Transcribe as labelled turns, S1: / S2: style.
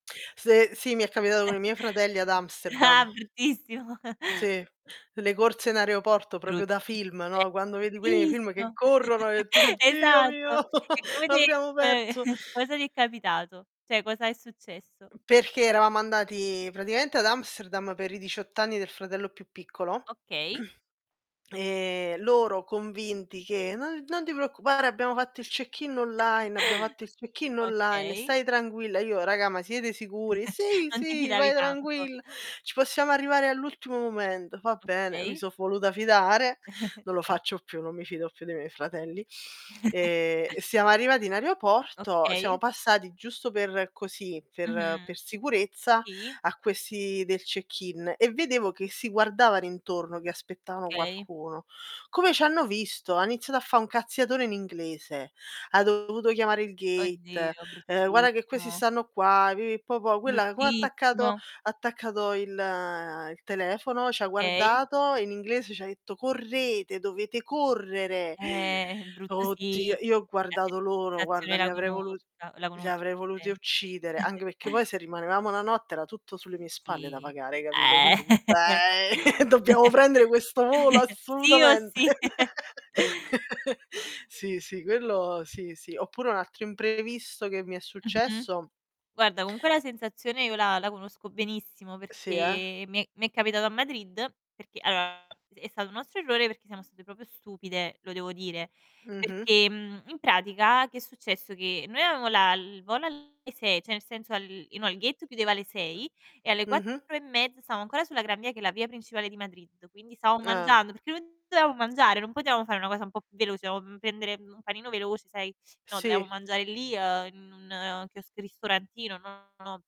S1: Se sì, mi è capitato con i miei fratelli ad
S2: Ah,
S1: Amsterdam.
S2: bruttissimo.
S1: Sì, le corse in aeroporto proprio da
S2: Bruttissi
S1: film,
S2: eh,
S1: no? Quando vedi quelli nei film che
S2: bruttissimo.
S1: corrono e tu: "Dio
S2: Esatto.
S1: mio
S2: E come te
S1: l'abbiamo
S2: ehm,
S1: perso".
S2: cosa ti è capitato? Cioè, cosa è successo?
S1: Perché eravamo andati praticamente ad Amsterdam per i 18 anni del fratello più piccolo,
S2: Okay.
S1: ehm, loro convinti che: "No non ti preoccupare, abbiamo fatto il check-in online, abbiamo fatto il check-in online,
S2: Okay.
S1: stai tranquilla". Io: "Raga, ma siete sicuri?", "Sì,
S2: Non ti
S1: sì,
S2: fidavi
S1: vai
S2: tanto.
S1: tranquilla, ci possiamo arrivare all'ultimo momento". Va bene, mi
S2: Okay.
S1: so voluta fidare. Non lo faccio più, non mi fido più dei miei fratelli. Ehm, siamo arrivati in aeroporto, siamo
S2: Okay.
S1: passati giusto per così, per
S2: Mh-mh.
S1: per sicurezza
S2: Sì.
S1: a questi del check-in e vedevo che si guardavano intorno, che aspettavano
S2: Okay.
S1: qualcuno. Come c'hanno visto, ha iniziato a fa' un cazziatone in inglese. Ha dovuto chiamare il gate,
S2: Oddio,
S1: ehm: "Guarda che questi
S2: bruttissimo.
S1: stanno qua", pipì, popò. Quella come ha attaccato ha
S2: Bruttissimo.
S1: attaccato il il telefono, c'ha
S2: Okay.
S1: guardato, in inglese c'ha detto: "Correte, dovete correre".
S2: Eh, brutto,
S1: Oh Dio
S2: sì,
S1: io ho
S2: la
S1: guardato loro, guarda,
S2: sensazione
S1: li
S2: la
S1: avrei volut
S2: conosca la
S1: li
S2: conosco
S1: avrei voluti uccidere,
S2: [unintelligible]
S1: anche perché poi se rimanevamo 1 notte era tutto sulle mie spalle da
S2: Sì.
S1: pagare, hai capito.
S2: Eh.
S1: Quindi tu "Eh, dobbiamo prendere questo volo
S2: Sì o
S1: assolutamente".
S2: sì.
S1: Sì, sì, quello sì, sì. Oppure un altro imprevisto che mi è
S2: Mh-mh.
S1: successo
S2: Guarda, comunque la sensazione io la la conosco benissimo
S1: Sì, eh.
S2: perché mi è mi è capitato a Madrid, perché allora è stato un nostro errore, perché siamo state proprio stupide, lo devo dire,
S1: Mh-mh.
S2: perché, mhmm, in pratica, che è successo, che noi avevamo la il volo alle 6 cioè, nel senso al no, il gate chiudeva alle 6 e alle 4
S1: Mh-mh.
S2: e mezza stavamo ancora sulla Gran Via, che è la via principale di Madrid, quindi stavamo
S1: Ah.
S2: mangiando, perché [unintelligible] dovevamo mangiare, non potevamo fare una cosa un po' più veloce, dovevamo pendere un panino veloce, sai, no, dovevamo
S1: Sì.
S2: mangiare lì, uhm, in un chiosco ristorantino, no no